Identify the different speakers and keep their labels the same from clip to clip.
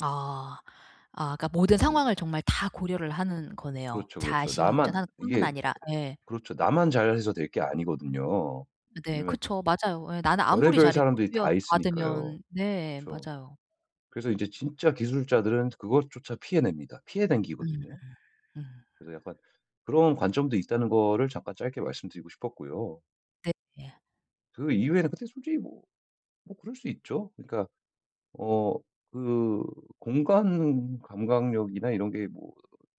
Speaker 1: 아. 아 그니까 모든
Speaker 2: 네.
Speaker 1: 상황을 정말 다 고려를 하는 거네요.
Speaker 2: 그렇죠, 그렇죠.
Speaker 1: 자신이
Speaker 2: 나만
Speaker 1: 운전하는 뿐만
Speaker 2: 이게
Speaker 1: 아니라. 예.
Speaker 2: 그렇죠. 나만 잘해서 될 게 아니거든요.
Speaker 1: 네
Speaker 2: 왜냐면
Speaker 1: 그쵸. 맞아요. 예. 나는 아무리
Speaker 2: 별의별
Speaker 1: 잘해도
Speaker 2: 사람들이
Speaker 1: 뒤에 와서
Speaker 2: 다 있으니까요.
Speaker 1: 받으면 네
Speaker 2: 그쵸.
Speaker 1: 맞아요.
Speaker 2: 그래서 이제 진짜 기술자들은 그것조차 피해 냅니다. 피해
Speaker 1: 음.
Speaker 2: 댕기거든요.
Speaker 1: 음.
Speaker 2: 그래서 약간 그런 관점도 있다는 거를 잠깐 짧게 말씀드리고 싶었고요.
Speaker 1: 네 예.
Speaker 2: 그 이후에는 근데 솔직히 뭐. 뭐 그럴 수 있죠. 그니까 어 그 공간 감각력이나 이런 게 뭐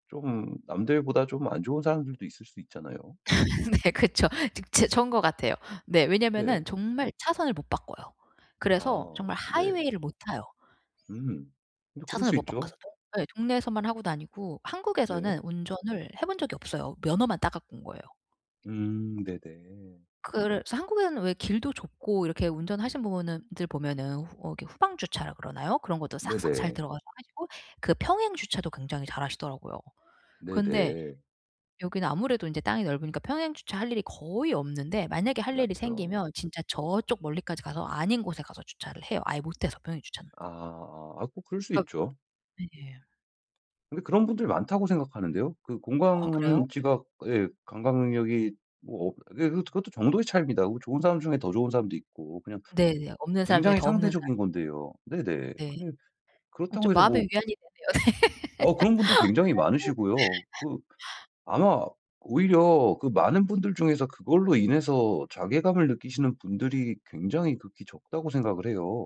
Speaker 2: 좀 남들보다 좀 안 좋은 사람들도 있을 수 있잖아요.
Speaker 1: 네 그쵸. 즈 츠 전 거 같아요. 네
Speaker 2: 네.
Speaker 1: 왜냐면은 정말 차선을 못 바꿔요. 그래서
Speaker 2: 아.
Speaker 1: 정말
Speaker 2: 네.
Speaker 1: 하이웨이를 못 타요.
Speaker 2: 음. 근데 그럴
Speaker 1: 차선을
Speaker 2: 수
Speaker 1: 못
Speaker 2: 있죠.
Speaker 1: 바꿔서 동 예 동네에서만 하고 다니고
Speaker 2: 네.
Speaker 1: 한국에서는 운전을 해 본 적이 없어요. 면허만 따 갖고 온 거예요.
Speaker 2: 음. 네네.
Speaker 1: 그래 한국에는 왜 길도 좁고 이렇게 운전하신 부분은 들 보면은 어 이렇게 후방 주차라 그러나요? 그런 것도 싹싹 잘
Speaker 2: 네네.
Speaker 1: 들어가서 하시고 그 평행 주차도 굉장히 잘하시더라고요. 근데
Speaker 2: 네네.
Speaker 1: 여기는 아무래도 인제 땅이 넓으니까 평행 주차 할 일이 거의 없는데 만약에 할 일이
Speaker 2: 맞죠.
Speaker 1: 생기면 진짜 저쪽 멀리까지 가서 아닌 곳에 가서 주차를 해요. 아예 못해서 평행주차는.
Speaker 2: 아아 아 뭐 그럴 수
Speaker 1: 그니까.
Speaker 2: 있죠.
Speaker 1: 네.
Speaker 2: 근데 그런 분들 많다고 생각하는데요. 그
Speaker 1: 아 그래요?
Speaker 2: 공간 지각 예. 감각 능력이 뭐 어 그게 그것도 그것도 정도의 차이입니다. 뭐 좋은 사람 중에 더 좋은 사람도 있고 그냥
Speaker 1: 네네. 없는 사람 중에
Speaker 2: 굉장히
Speaker 1: 더 없는 사람.
Speaker 2: 상대적인 건데요. 네네.
Speaker 1: 네.
Speaker 2: 근데
Speaker 1: 아
Speaker 2: 그렇다고
Speaker 1: 좀
Speaker 2: 해서 뭐
Speaker 1: 마음의 위안이 되네요.
Speaker 2: 어 그런 분들 굉장히 많으시고요. 그
Speaker 1: [unintelligible]
Speaker 2: 아마 오히려 그 많은 분들 중에서 그걸로 인해서 자괴감을 느끼시는 분들이 굉장히 극히 적다고 생각을 해요.